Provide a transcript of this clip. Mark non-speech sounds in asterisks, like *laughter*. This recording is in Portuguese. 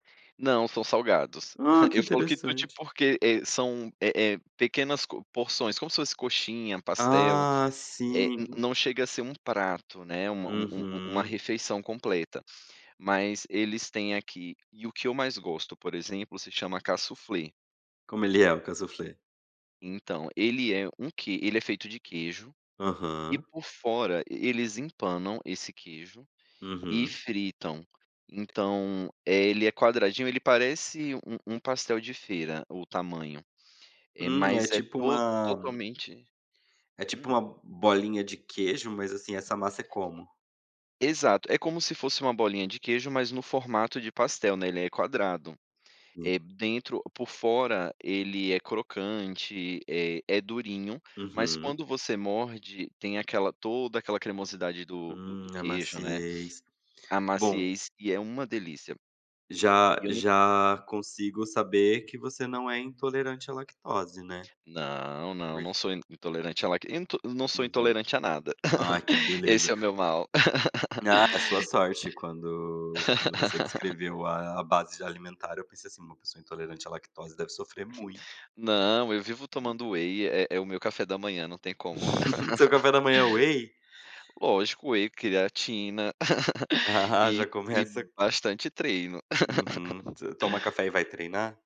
Não, são salgados. Ah, *chuckles* que Eu falo quitute interessante. porque, eh, são, eh eh, pequenas co porções, como se fosse coxinha, pastel, Ah, eh, n sim. não chega a ser um prato, né, uma u u uma Uhum. refeição completa. Mas eles têm aqui, e o que eu mais gosto, por exemplo, se chama Kaassoufflé. Como ele é, o Kaassoufflé? Então, ele é um que ele é feito de queijo, e Aham. por fora, eles empanam esse queijo, e Uhum. fritam. Então, eh, ele é quadradinho, ele parece um um pastel de feira, o tamanho, eh, Hum, é mas é tipo to uma totalmente é tipo hum. uma bolinha de queijo, mas assim, essa massa é como? Exato, é como se fosse uma bolinha de queijo, mas no formato de pastel, né, ele é quadrado. Hum. Eh, dentro por fora, ele é crocante, eh, é durinho, mas Uhum. quando você morde, tem aquela toda aquela cremosidade do do Hum, do a queijo, né, maciez. a Bom maciez, e é uma delícia. já E eu não já consigo saber que você não é intolerante à lactose, né. Não, não, Por não sou in intolerante a lac into não sou Uhum. intolerante a nada. Ai, que *laughs* beleza. Esse é o meu mal. *laughs* Ah, a sua sorte, quando quando você *laughs* descreveu a a base alimentar, eu pensei assim: "Uma pessoa intolerante à lactose deve sofrer muito". Não, eu vivo Hum. tomando whey, é é o meu café da manhã, não tem como. *laughs* Seu *laughs* café da manhã é whey? Lógico, whey, creatina, *laughs* *chuckles* e Já e começa bastante treino. Uhum. *laughs* Você toma café e vai treinar?